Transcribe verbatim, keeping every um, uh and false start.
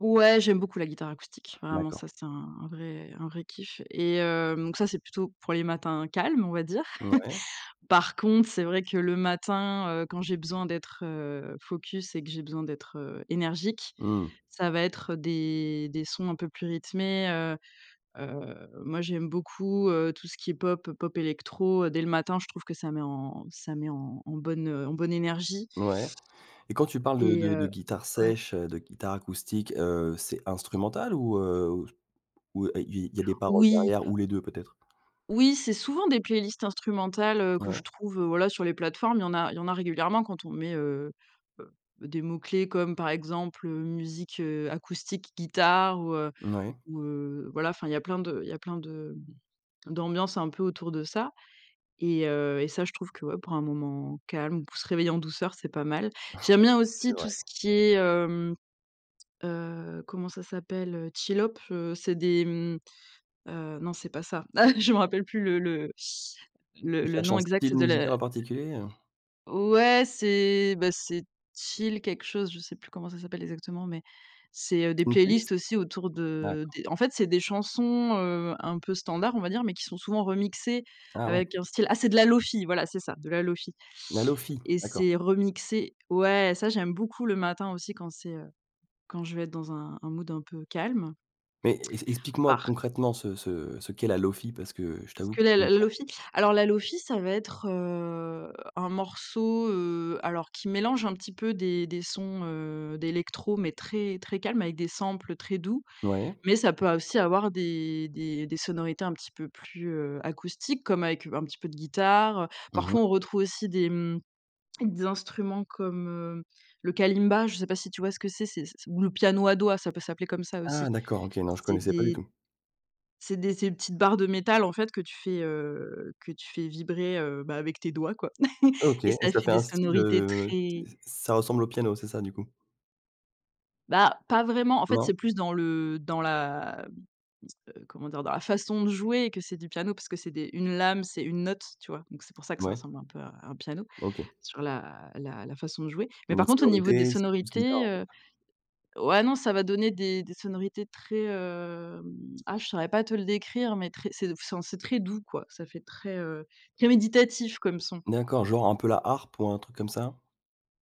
Ouais, j'aime beaucoup la guitare acoustique. Vraiment, D'accord. ça, c'est un un vrai un vrai kiff et heu donc ça, c'est plutôt pour les matins calmes, on va dire. Ouais. Par contre, c'est vrai que le matin, heu, quand j'ai besoin d'être, heu, focus et que j'ai besoin d'être, heu, énergique, Mmh. ça va être des des sons un peu plus rythmés, heu heu, moi j'aime beaucoup, heu, tout ce qui est pop, pop-électro, heu, dès le matin, je trouve que ça met en ça met en en bonne, heu, en bonne énergie Ouais et quand tu parles de et de de heu guitare ouais. sèche, heu, de guitare acoustique, heu, c'est instrumental ou heu, ou il il y a des paroles Oui. derrière ou les deux peut-être? Oui, c'est souvent des playlists instrumentales, heu, que je Ouais. trouve, heu, voilà, sur les plateformes. Il y en a il y en a régulièrement quand on met, heu heu, des mots clés comme par exemple, heu, musique, heu, acoustique, guitare ou heu, Ouais. ou heu, voilà, enfin il y a plein de il y a plein de d'ambiances un peu autour de ça et heu, et ça je trouve que ouais, pour un moment calme pour se réveiller en douceur, c'est pas mal. J'aime bien C'est aussi tout vrai. ce qui est, hem, heu, comment ça s'appelle, heu, chillhop heu, c'est des mmh, heu, non c'est pas ça, ah, je me rappelle plus, le le le Tu le cherches nom un exact style de la musical en particulier, heu? Ouais, c'est, bah, c'est chill, quelque chose, je sais plus comment ça s'appelle exactement mais c'est, heu, des Une playlists playlist? aussi autour de D'accord. des en fait c'est des chansons, heu, un peu standards on va dire mais qui sont souvent remixées Ah ouais. avec un style ah c'est de la Lo-fi voilà c'est ça de la Lo-fi La Lo-fi? et D'accord. c'est remixé ouais ça j'aime beaucoup le matin aussi quand c'est, heu, quand je vais être dans un un mood un peu calme. Mais e explique-moi Par concrètement ce ce ce qu'est la Lo-fi, parce que je t'avoue Que que le je connais la pas. Lo-fi, alors la Lo-fi ça va être, heu, un morceau, heu, alors qui mélange un petit peu des des sons, heu, d'électro mais très très calmes avec des samples très doux, Ouais. mais ça peut aussi avoir des des des sonorités un petit peu plus, heu, acoustiques, comme avec, un petit peu de guitare, heu. Mmh mh. Parfois, on retrouve aussi des mmh, des instruments comme, heu, le kalimba, je sais pas si tu vois ce que c'est, ou le piano à doigt, ça peut s'appeler comme ça aussi. Ah! D'accord OK, non je C'est connaissais pas du des tout. C'est des ces petites barres de métal en fait que tu fais, heu, que tu fais vibrer, heu bah avec tes doigts quoi, OK et et ça ça fait fait des un style, sonorités heu ç très ça ressemble au piano c'est ça du coup? Bah pas vraiment, en fait Non? c'est plus dans le dans la comment dire? Dans la façon de jouer et que c'est du piano parce que c'est des une lame, c'est une note, tu vois, donc c'est pour ça que ça Ouais. ressemble un peu à un piano OK. sur la la la façon de jouer, mais Une par autre contre au niveau des sonorité? C'est plus guitare sonorités, en fait. heu, ouais non ça va donner des des sonorités très, hem, ah je saurais pas te le décrire, mais très ce enfin, c'est très doux quoi, ça fait très, heu très méditatif comme son. D'accord, genre un peu la harpe ou un truc comme ça?